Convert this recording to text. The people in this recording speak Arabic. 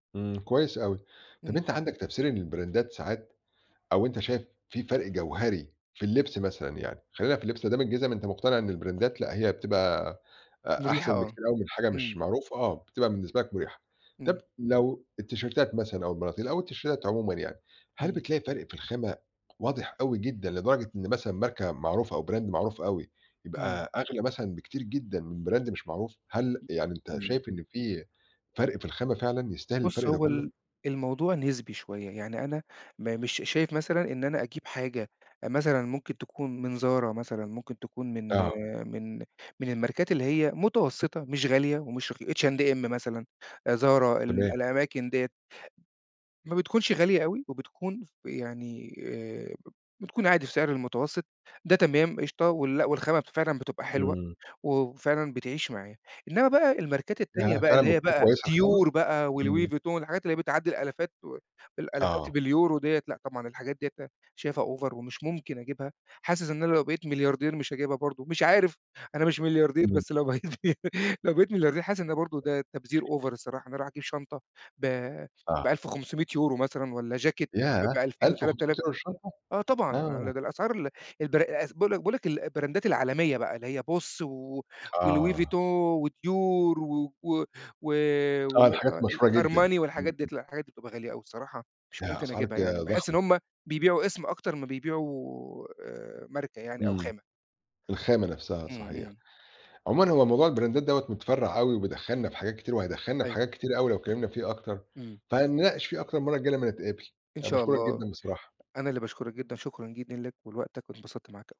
إمم، كويس أوي، طب امم. أنت عندك تفسير إن البراندات ساعات أو أنت شايف في فرق جوهري في اللِّبس مثلًا يعني، خلّينا في اللِّبس، ما دام الجزم أنت مُقتنع إن البرندات لأ، هي بتبقى أ مُريحة أحسن آه، بكتير أوي من حاجة مش إمم. معروف آه، بتبقى بالنسبة لك مُريحة، طب امم. لو التيشيرتات مثلًا أو البناطيل، أو التيشيرتات عمومًا يعني، هل امم. بتلاقي فرق في الخامة واضح أوي جدًا، لدرجة إن مثلًا ماركة معروفة، أو Brand معروف أوي، امم. يبقى أغلى مثلًا بكتير جدًا من Brand مش معروف، هل ام يعني أنت امم. شايف إن في فرق في الخامة فعلًا يستاهل بُص الفرق ده هو كُلُّه؟ ال الموضوع نسبي شوية، يعني أنا ما مش شايف مثلًا إن أنا أجيب حاجة، مثلًا ممكن تكون من Zara مثلًا، ممكن تكون من آه. من من الماركات اللي هي مُتوسِّطة، مش غالية ومش رخي H&M مثلًا، آآ Zara ال تمام. الأماكن ديّة. ما بتكونش غالية أوي، وبتكون ف يعني آآ بت بتكون عادي في سعر المتوسط، ده تمام قشطة ولأ، والخامة فعلًا بتبقى حلوة إمم. و وفعلًا بتعيش معايا، إنما بقى الماركات التانية ياه! بقى اللي فعلًا هي بتكون بقى كويس الخامة؟ Dior بقى، وLouis امم. Vuitton، الحاجات اللي هي بتعدِّي الآلافات و الآلافات آه. باليورو ديّة، لأ، طبعًا الحاجات ديّة شايفها Over ومش ممكن أجيبها، حاسس إن أنا لو بقيت ملياردير مش هاجيبها برضه، مش عارف أنا مش ملياردير، إمم. بس لو لو بقيت مليارد لو بقيت ملياردير حاسس إن برضه ده تبذير Over الصراحة، إن أنا أروح أجيب شنطة ب آه. ب1500€ مثلًا، والّا جاكيت ب ياه! ب2000 ألف وتَلَت وخُمسُميّة آلاف يورو في الشّنطة، آه طبعًا، آه. لا ده الأسعار ال الب باقول لك باقول لك البراندات العالمية بقى، اللي هي Boss و وLouis Vuitton آه. وDior و و و و آه، آآ الحاجات آه مشهورة جدًا، امم، الArmani والحاجات ديّة، امم. لأ، الحاجات دي بتبقى غالية أوي بصراحة مش ياه! ممكن أسعار أجيبها، ج يعني باحِسّ إن ضخمة. هُم بيبيعوا اسم، أكتر ما بيبيعوا آآ ماركة يعني أو امم، خامة. الخامة نفسها امم، صحيح، امم. عمومًا هو موضوع البرندات دوّة مُتفرّع اوي، وبيدخلنا في حاجات كتير، وهيدخّلنا في يوه. حاجات كتيرة أوي لو اتكلِّمنا فيه أكتر، امم. فهنناقش فيه أكتر المَرَّة الجاية لمّا نتقابل، إن أنا شاء باشكرك الله، جدًا بصراحة. أنا اللي باشكرك جدًا، شكرًا جدًا لك ولوقتك، وانبسطت معاك أو